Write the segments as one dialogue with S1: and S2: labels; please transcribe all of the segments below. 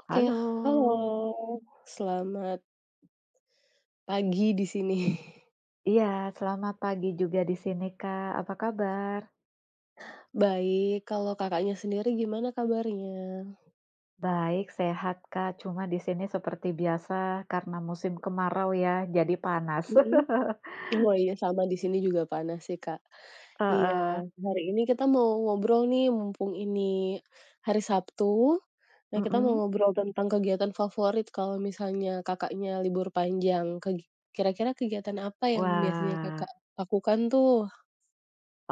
S1: Oke, halo,
S2: Halo.
S1: selamat pagi di sini.
S2: Iya, selamat pagi juga di sini Kak, apa kabar?
S1: Baik, kalau Kakaknya, sendiri gimana kabarnya?
S2: Baik, sehat, Kak, cuma di sini seperti biasa, karena musim kemarau ya, jadi panas.
S1: Mhm, oh iya, sama di sini juga panas sih Kak. Iya
S2: Heeh.
S1: hari ini kita mau ngobrol nih, mumpung ini hari Sabtu. Nah, kita mau
S2: Mhm.
S1: ngobrol tentang kegiatan favorit kalau misalnya Kakaknya, libur panjang. Kegi kira-kira kegiatan apa yang biasanya
S2: Wah.
S1: Kakak, lakukan tuh?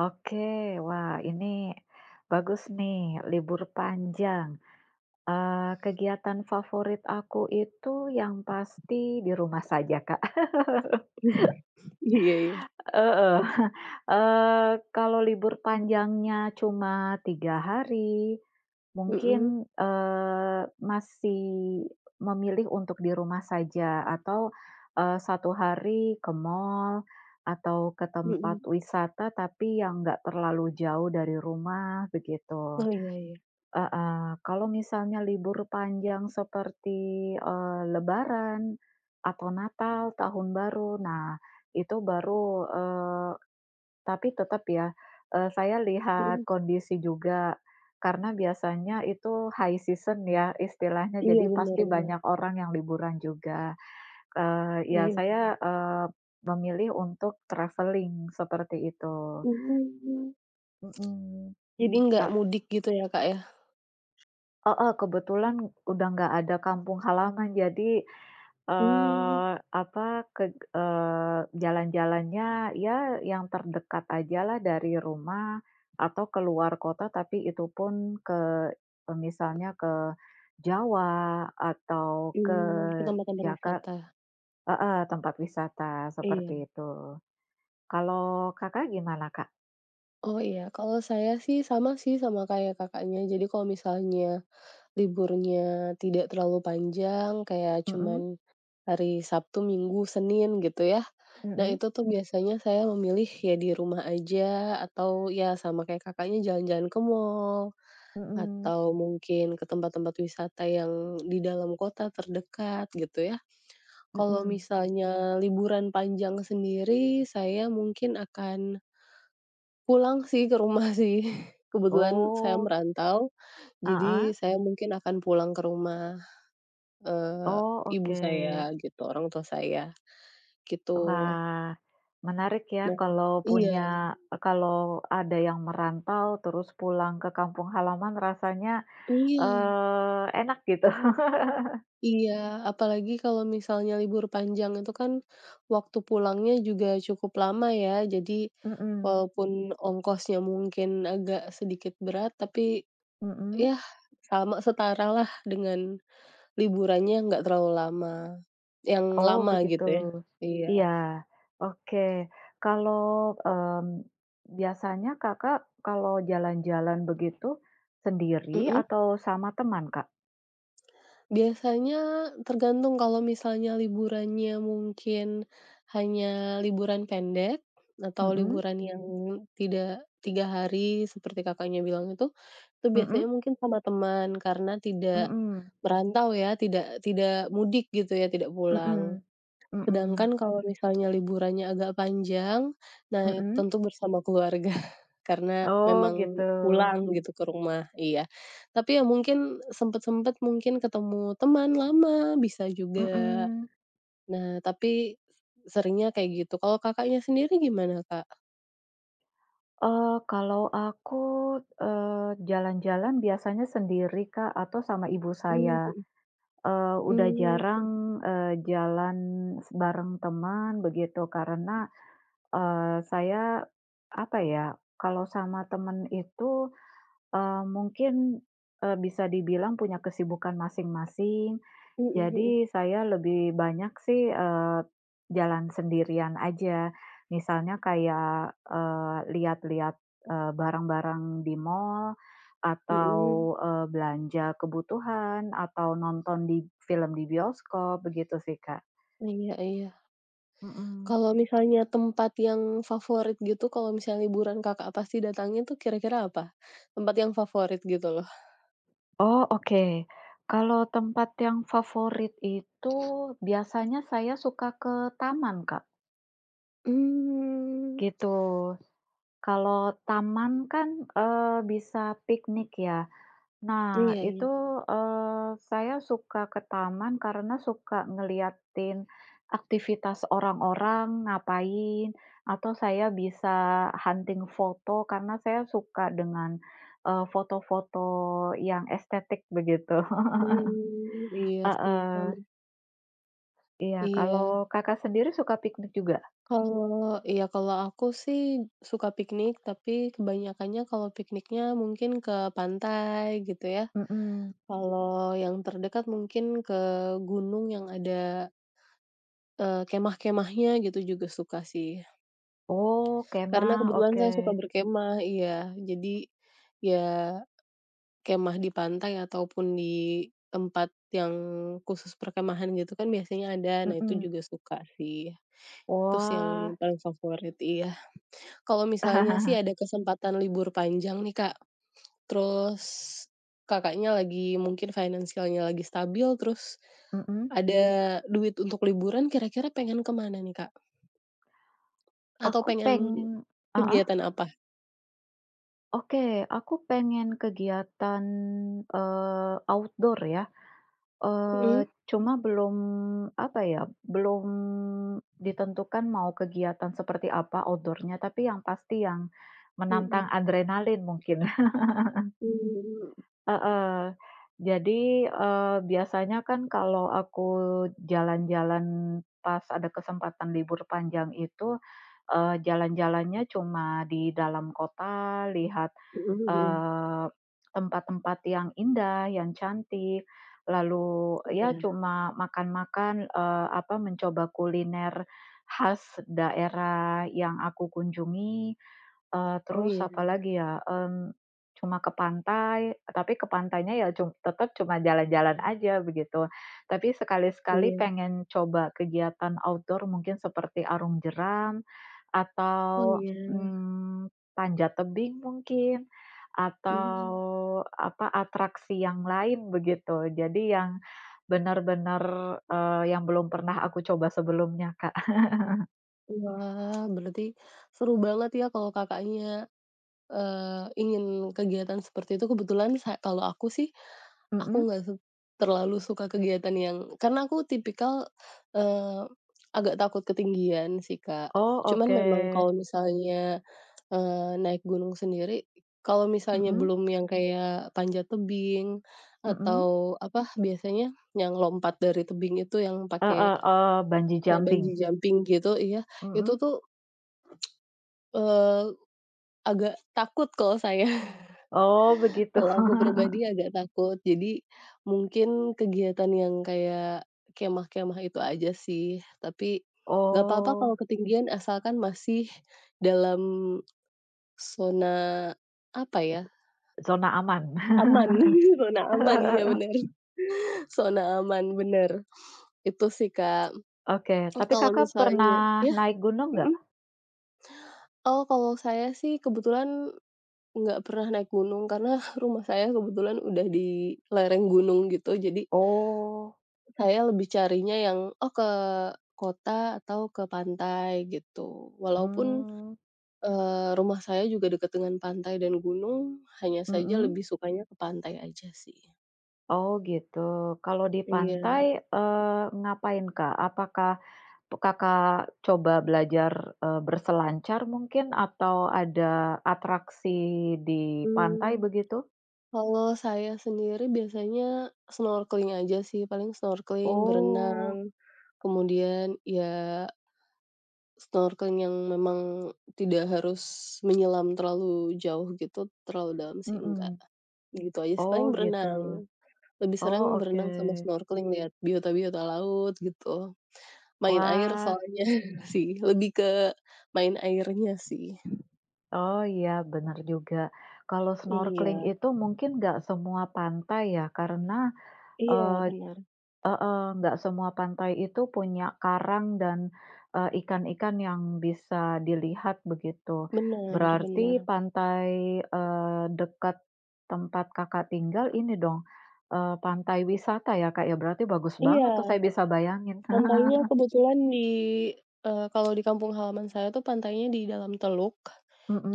S2: Oke, wah, ini bagus nih, libur panjang. Eee, kegiatan favorit aku itu yang pasti, di rumah saja Kak.
S1: Iya iya.
S2: Heeh. Eee, kalau libur panjangnya cuma 3 hari,
S1: Mhm.
S2: mungkin, eee, masih memilih untuk di rumah saja, atau, eee, 1 hari ke mall atau ke tempat
S1: Mhm.
S2: wisata, tapi yang enggak terlalu jauh dari rumah, begitu.
S1: Oh, iya iya.
S2: Heeh. Kalau, misalnya libur panjang seperti, eee, lebaran atau natal, tahun baru, nah, itu baru, eee tapi tetap ya, eee, saya lihat
S1: Mhm.
S2: kondisi juga. Karena biasanya itu high season ya istilahnya,
S1: Iya,
S2: jadi
S1: bener
S2: pasti
S1: bener.
S2: banyak orang yang liburan juga. Eee, ya
S1: Iya, bener.
S2: saya, eee, memilih untuk travelling, seperti itu.
S1: Mmm.
S2: Mhm,
S1: Jadi, enggak
S2: eee
S1: mudik gitu ya Kak, ya?
S2: Heeh, kebetulan udah nggak ada kampung halaman jadi,
S1: Mmm.
S2: eee, apa ke eee, jalan-jalannya ya yang terdekat aja lah dari rumah, atau ke luar kota, tapi itupun ke e misalnya ke Jawa, atau ke
S1: Mmm, ke tempat-tempat
S2: Jaka
S1: wisata.
S2: heeh, tempat wisata
S1: Iya.
S2: seperti itu. Kalau Kakak gimana, Kak?
S1: Oh, iya. Kalau saya sih, sama sih, sama kayak Kakaknya. Jadi kalau misalnya liburnya tidak terlalu panjang, kayak
S2: Mhm.
S1: cuman hari Sabtu, Minggu, Senin, gitu ya. Nah,
S2: Mhm.
S1: itu tuh biasanya saya memilih, ya di rumah aja, atau, ya, sama kayak Kakaknya jalan-jalan ke mall,
S2: Mhm.
S1: atau mungkin ke tempat-tempat wisata yang di dalam kota terdekat, gitu, ya. Kalau
S2: Mhm.
S1: misalnya liburan panjang sendiri, saya mungkin akan pulang sih, ke rumah sih. Kebetulan saya
S2: Oh.
S1: merantau, jadi
S2: Heeh.
S1: saya mungkin akan pulang ke rumah eee,
S2: Oh,
S1: ibu saya
S2: oke.
S1: gitu, orang tua saya, gitu.
S2: Wah, menarik ya,
S1: Nah,
S2: kalau
S1: iya.
S2: punya, e kalau ada yang merantau, terus pulang ke kampung halaman rasanya,
S1: Iya.
S2: eee, enak gitu.
S1: Iya, apalagi kalau misalnya libur panjang itu kan waktu pulangnya juga cukup lama, ya? Jadi,
S2: Mhm.
S1: walaupun ongkosnya mungkin agak sedikit berat, tapi,
S2: Mhm.
S1: ya, sama setara lah dengan liburannya nggak terlalu lama yang
S2: Oh,
S1: lama
S2: begitu.
S1: gitu, ya. Iya.
S2: Iya, oke. Kalau mmm, biasanya Kakak kalau jalan-jalan begitu sendiri,
S1: Mhm?
S2: atau sama teman, Kak?
S1: Biasanya tergantung kalau misalnya liburannya mungkin hanya liburan pendek atau
S2: Mhm.
S1: liburan yang tidak tiga hari seperti Kakak bilang itu, itu biasanya
S2: Mhm.
S1: mungkin sama teman karena tidak
S2: Mhm.
S1: merantau ya tidak tidak mudik gitu ya tidak pulang.
S2: Mhm. Mhm.
S1: Sedangkan kalau misalnya liburannya agak panjang, nah
S2: Mhm.
S1: tentu bersama keluarga karena
S2: Oh, gitu.
S1: memang pulang gitu ke rumah. Iya. Tapi ya mungkin sempat-sempat mungkin ketemu teman lama bisa juga.
S2: Mhm.
S1: Nah, tapi seringnya kayak gitu. Kalau Kakaknya sendiri gimana Kak?
S2: Eee, kalau aku, eee, jalan-jalan biasanya sendiri Kak, atau sama ibu
S1: Mmm,
S2: saya,
S1: mhm.
S2: eee, sudah
S1: Mmm,
S2: jarang,
S1: mhm.
S2: eee, jalan bareng teman begitu karena, eee, saya apa ya, kalau sama teman itu, eee, mungkin, eee, bisa dibilang punya kesibukan masing-masing.
S1: Mhm mhm.
S2: Jadi saya lebih banyak sih, eee, jalan sendirian aja. Misalnya kayak, eee, lihat-lihat, eee, barang-barang di mall atau,
S1: Mhm.
S2: eee, belanja kebutuhan atau nonton di film di bioskop, begitu sih Kak.
S1: Iya iya.
S2: Mhm.
S1: Kalau misalnya tempat yang favorit gitu, kalau misalnya liburan Kakak pasti datangin itu kira-kira apa? Tempat yang favorit gitu loh.
S2: Oh, oke, kalau tempat yang favorit itu biasanya saya suka ke taman, Kak.
S1: Hmm.
S2: Gitu, kalau taman kan, eee, bisa piknik ya. Nah,
S1: Iya
S2: itu,
S1: iya.
S2: eee, saya suka ke taman, karena suka ngelihatin aktivitas orang-orang ngapain, atau saya bisa hunting foto, karena saya suka dengan, eee, foto-foto yang estetik begitu,
S1: Hmm, iya sih, sama.
S2: heeh. Iya,
S1: Iya.
S2: kalau Kakak, sendiri suka piknik juga?
S1: Kalau iya, kalau aku sihk suka piknik, tapi kebanyakannya kalau pikniknya mungkin ke pantai gitu ya.
S2: Mhm.
S1: Kalau yang terdekat mungkin ke gunung yang ada eee, kemah-kemahnya, gitu juga suka sih.
S2: Oh, kemah.
S1: Karena, kebetulan saya suka
S2: Oke.
S1: berkemah iya. Jadi, ya kemah di pantai ataupun di tempat yang khusus perkemahan gitu kan, biasanya ada. Nah, itu
S2: Mhm.
S1: juga suka sih. Itu sih
S2: Wah.
S1: yang paling favorit iya. Kalau misalnya sih ada kesempatan libur panjang nih Kak, terus Kakaknya, lagi mungkin financial-nya lagi stabil, terus
S2: Mhm.
S1: ada duit untuk liburan, kira-kira pengen ke mana nih Kak? Atau
S2: Aku
S1: pengen
S2: pengen heeh.
S1: kegiatan apa?
S2: Oke, aku pengen kegiatan, eee, outdoor ya.
S1: Mmm.
S2: Eee, cuma belum apa ya, belum ditentukan mau kegiatan seperti apa outdoor-nya, tapi yang pasti yang menantang
S1: Mhm.
S2: adrenalin mungkin.
S1: Hmm.
S2: Heeh, jadi, eee, biasanya kan, kalau aku jalan-jalan pas ada kesempatan libur panjang itu, eee, jalan-jalannya cuma di dalam kota, lihat,
S1: Mhm mhm.
S2: eee, tempat-tempat yang indah, yang cantik, lalu ya
S1: Iya.
S2: cuma makan-makan, eee, apa mencoba kuliner khas daerah yang aku kunjungi, eee,
S1: Oh,
S2: terus
S1: iya.
S2: apa lagi ya, mmm, cuma ke pantai, tapi ke pantainya ya cum tetap cuma jalan-jalan saja, begitu. Tapi, sekali-sekali
S1: Iya.
S2: pengen coba kegiatan outdoor mungkin seperti arum jeram,
S1: Oh,
S2: atau
S1: iya.
S2: mmm, panjat tebing mungkin, atau
S1: Mmm.
S2: apa, atraksi yang lain, begitu. Jadi, yang benar-benar eee, yang belum pernah aku coba sebelumnya Kak.
S1: Wah berarti, seru banget ya kalau Kakaknya, eee, ingin kegiatan seperti itu. Kebetulan sa kalau aku sih, aku
S2: Heeh.
S1: enggak suk terlalu suka kegiatan yang karena aku tipikal, eee, agak takut ketinggian, sih Kak.
S2: Oh
S1: Cuman
S2: oke.
S1: memang kalau misalnya, eee, naik gunung sendiri kalau misalnya
S2: Heeh.
S1: belum yang kayak panjat tebing,
S2: Heeh.
S1: atau apa? Biasanya yang lompat dari tebing itu yang pakai,
S2: Heeh, eee, bungee
S1: kayak
S2: jumping.
S1: bungee jumping, gitu iya, ...itu
S2: Heeh.
S1: tuh, eee, agak takut kalau saya.
S2: Oh, begitu.
S1: Kalau aku pribadi agak takut. Jadi, mungkin kegiatan yang kayak kemah-kemah itu aja sih. Tapi, enggak apa-apa
S2: Oh.
S1: kalau ketinggian asalkan masih dalam, zona, apa ya?
S2: [unintelligible] Zona aman.
S1: aman, zona aman iya benar. Zona aman benar. Itu, sih Kak m
S2: Oke.
S1: Oh
S2: Tapi
S1: kalau
S2: Kakak
S1: misalnya
S2: pernah
S1: Ya?
S2: naik gunung enggak?
S1: Heeh? Oh kalau saya sih kebetulan, enggak pernah naik gunung. Karena rumah saya kebetulan udah di lereng gunung, gitu. Jadi
S2: Oh.
S1: saya lebih carinya yang oh ke kota, atau ke pantai, gitu. Walaupun,
S2: Mmm.
S1: eee, rumah saya juga dekat dengan pantai dan gunung, hanya saja
S2: Heeh.
S1: lebih sukanya ke pantai aja sih.
S2: Oh gitu, kalau di pantai,
S1: Iya.
S2: eee, ngapain Kak, apakah tuk Kakak, coba belajar, eee, berselancar mungkin, atau ada atraksi di pantai,
S1: Hmm,
S2: begitu?
S1: kalau saya sendiri biasanya snorkeling aja sih, paling snorkeling,
S2: Oh.
S1: berenang, kemudian ya snorkeling yang memang tidak harus menyelam terlalu jauh gitu, terlalu dalam sih enggak,
S2: Mhm.
S1: gitu aja sih.
S2: Oh
S1: Paling
S2: gitu,
S1: berenang, lebih
S2: oh
S1: sering
S2: oke.
S1: berenang sama snorkeling liat biota-biota laut gitu, main air
S2: Wah.
S1: soalnya sih lebih ke main airnya sih.
S2: Oh iya, benar juga. Kalau snorkeling
S1: Iya.
S2: itu mungkin enggak semua pantai ya, karena
S1: Iya,
S2: eee,
S1: bener.
S2: heeh, enggak semua pantai itu punya karang dan, eee, ikan-ikan yang bisa dilihat, begitu.
S1: Bener
S2: Berarti
S1: bener.
S2: pantai, eee, dekat tempat Kakak tinggal, ini dong, eee, pantai wisata ya Kak, ya? Berarti bagus
S1: Iya,
S2: banget tuh saya bisa bayangin.
S1: pantainya kebetulan di eee, kalau di kampung halaman saya tuh pantainya di dalam teluk,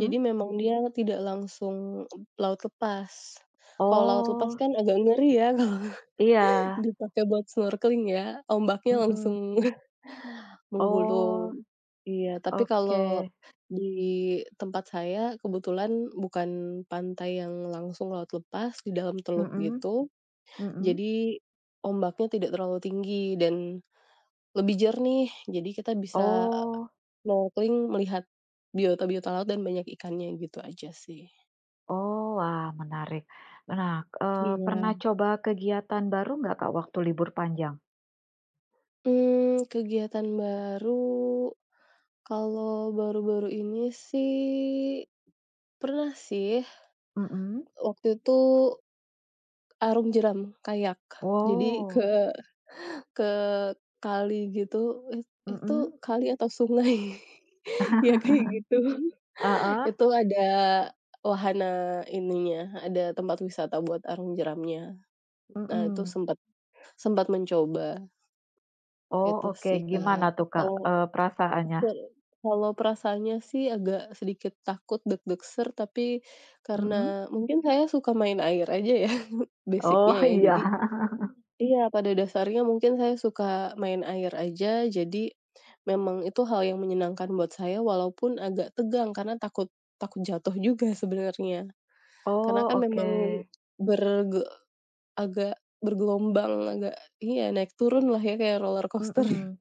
S1: jadi memang dia tidak langsung laut lepas. Kalau laut lepas
S2: Oh.
S1: kan, agak ngeri ya kalau
S2: Iya.
S1: dipakai buat snorkeling ya, ombaknya
S2: Mhm.
S1: langsung
S2: Oh,
S1: menggulung, iya, tapi kalau
S2: oke.
S1: di tempat saya, kebetulan bukan pantai yang langsung laut lepas di dalam teluk
S2: Mhm,
S1: gitu,
S2: mhm.
S1: jadi ombaknya tidak terlalu tinggi dan lebih jernih. Jadi, kita bisa e
S2: Oh.
S1: snorkeling, melihat biota-biota laut dan banyak ikannya, gitu aja sih.
S2: Oh. Wah, menarik. Me nah, eee, pernah
S1: Iya.
S2: coba kegiatan baru enggak Kak, waktu libur panjang?
S1: Mmm, kegiatan baru, kalau baru-baru ini sih, pernah sih
S2: Mhm
S1: waktu itu, Arung jeram, kayak, jadi ke
S2: Oh.
S1: ke kali gitu it itu
S2: Mhm.
S1: kali atau sungai ya kayak gitu.
S2: Heeh.
S1: Itu ada wahana ininya, ada tempat wisata buat arung jeramnya. Nah, itu
S2: Mhm.
S1: sempet sempet mencoba.
S2: Oh,
S1: Itu
S2: oke,
S1: sih
S2: gimana
S1: Kak,
S2: tuh Kak,
S1: atau
S2: eee, perasaannya?
S1: betul, kalau perasaannya sih, agak sedikit takut deg-deg ser. Tapi,
S2: Mhm.
S1: karena mungkin saya suka main air aja ya
S2: Oh,
S1: basic-nya ya,
S2: iya.
S1: jadi iya pada dasarnya mungkin saya suka main air aja. Jadi, memang itu hal yang menyenangkan buat saya walaupun agak tegang karena takut takut jatuh juga sebenernya. Karena
S2: Oh,
S1: kan, memang
S2: oke.
S1: berge agak bergelombang, agak iya naik turun lah ya kayak roller coaster.
S2: Mhm,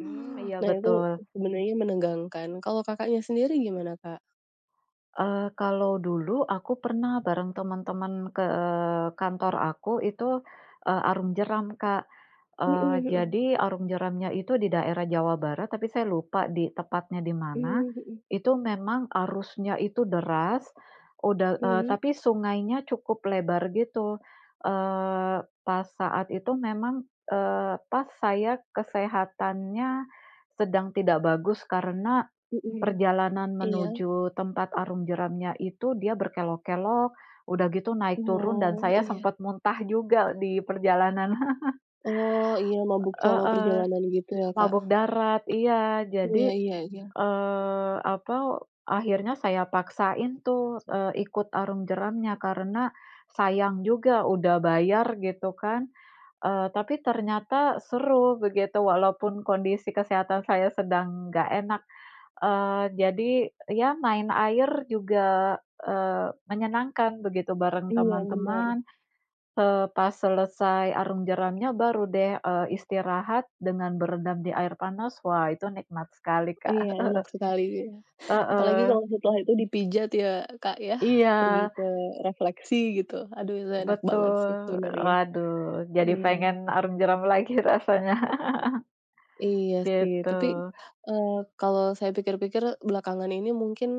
S2: mmm, iya
S1: Nah, itu
S2: betul.
S1: sebenarnya menegangkan. Kalau Kakaknya, sendiri gimana Kak?
S2: Eee, kalau dulu aku pernah bareng teman-teman ke kantor aku itu, eee, arung jeram, Kak,
S1: Mhm
S2: eee,
S1: mhm.
S2: jadi arung jeramnya itu di daerah Jawa Barat, tapi saya lupa di tepatnya di mana,
S1: Mmm, mhm.
S2: itu memang arusnya itu deras, udah, eee,
S1: Mhm.
S2: tapi sungainya cukup lebar gitu, eee, pas saat itu memang, eee, pas saya kesehatannya sedang tidak bagus karena
S1: Mhm,
S2: perjalanan
S1: iya.
S2: menuju tempat arung jeramnya itu dia berkelok-kelok, udah gitu naik turun dan
S1: Oh,
S2: saya
S1: iya.
S2: sempat muntah juga di perjalanan.
S1: Oh, iya. Mabuk selama
S2: Heeh,
S1: perjalanan gitu ya, Kak.
S2: mabok darat iya,
S1: Iya
S2: jadi,
S1: iya iya.
S2: eee, apa, akhirnya saya paksain tuh, eee, ikut arung jeramnya. Karena sayang juga udah bayar gitu kan, eee, tapi ternyata seru begitu, walaupun kondisi kesehatan saya sedang nggak enak, eee, jadi, ya main air juga, eee, menyenangkan begitu bareng
S1: Iya, bener.
S2: teman-teman, eee, pas selesai arung jeramnya, baru deh, eee, istirahat dengan berendam di air panas. Wah itu nikmat sekali, Kak.
S1: Iya enak sekali. Apalagi
S2: Heeh.
S1: kalau setelah itu dipijat ya, Kak, ya, pergi
S2: Iya.
S1: ke refleksi gitu. Aduh itu enak banget sih
S2: Betul,
S1: sebenernya.
S2: waduh, jadi pengen
S1: Iya.
S2: arung jeram lagi rasanya,
S1: Iya sih,
S2: gitu.
S1: tapi, eee, kalau saya pikir-pikir belakangan ini mungkin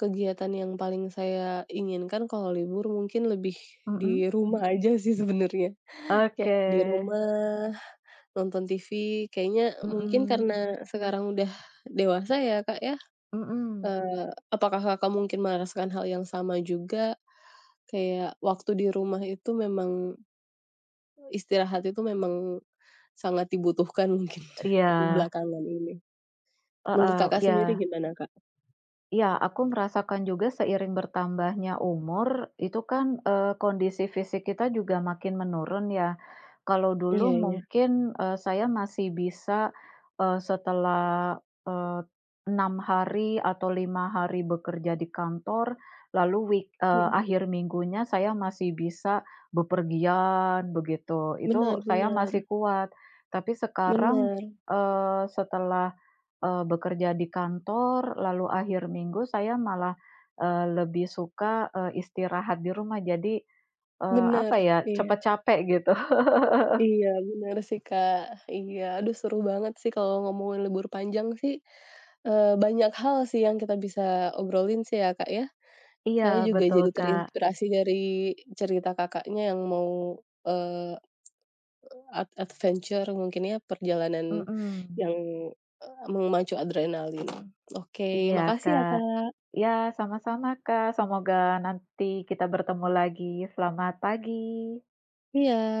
S1: kegiatan yang paling saya inginkan kalau libur mungkin lebih di
S2: Mhm.
S1: rumah aja sih sebenernya.
S2: Oke.
S1: Kayak di rumah nonton TV kayaknya mungkin
S2: Mhm.
S1: karena sekarang udah dewasa ya, Kak, ya,
S2: Mhm.
S1: eee, apakah, Kakak, mungkin merasakan hal yang sama juga? Kayak waktu di rumah itu memang Istirahat itu memang sangat dibutuhkan mungkin
S2: E iya.
S1: belakangan ini. Menurut,
S2: Heeh,
S1: Kakak, sendiri
S2: iya.
S1: gimana, Kak?
S2: Iya, aku merasakan juga seiring bertambahnya umur, itu kan, eee, kondisi fisik kita juga makin menurun ya. Kalau dulu
S1: Iya iya.
S2: mungkin, eee, saya masih bisa, eee, setelah, eee, 6 hari atau 5 hari bekerja di kantor, lalu week eee,
S1: Mhm.
S2: akhir minggunya saya masih bisa bepergian begitu, itu
S1: Bener
S2: saya masih
S1: bener.
S2: kuat. Tapi sekarang,
S1: Bener.
S2: eee, setelah, eee, bekerja di kantor, lalu akhir minggu saya malah, eee, lebih suka, eee, istirahat di rumah. Jadi, eee,
S1: Bener,
S2: apa ya, cepat
S1: iya.
S2: capek gitu.
S1: Iya bener sih, Kak. Iya. Aduh seru banget sih kalau ngomongin libur panjang sih, eee, banyak hal sih yang kita bisa obrolin sih ya, Kak, ya.
S2: Iya,
S1: Saya juga
S2: betul,
S1: jadi
S2: Kak.
S1: terinspirasi dari cerita, Kakaknya, yang mau, eee, ad adventure mungkin ya perjalanan
S2: Mhm.
S1: yang, eee, memacu adrenalin. Oke,
S2: Iya,
S1: makasih ya,
S2: Kak.
S1: Kak!
S2: Ya, sama-sama, Kak. Semoga nanti kita bertemu lagi. Selamat pagi!
S1: Iya.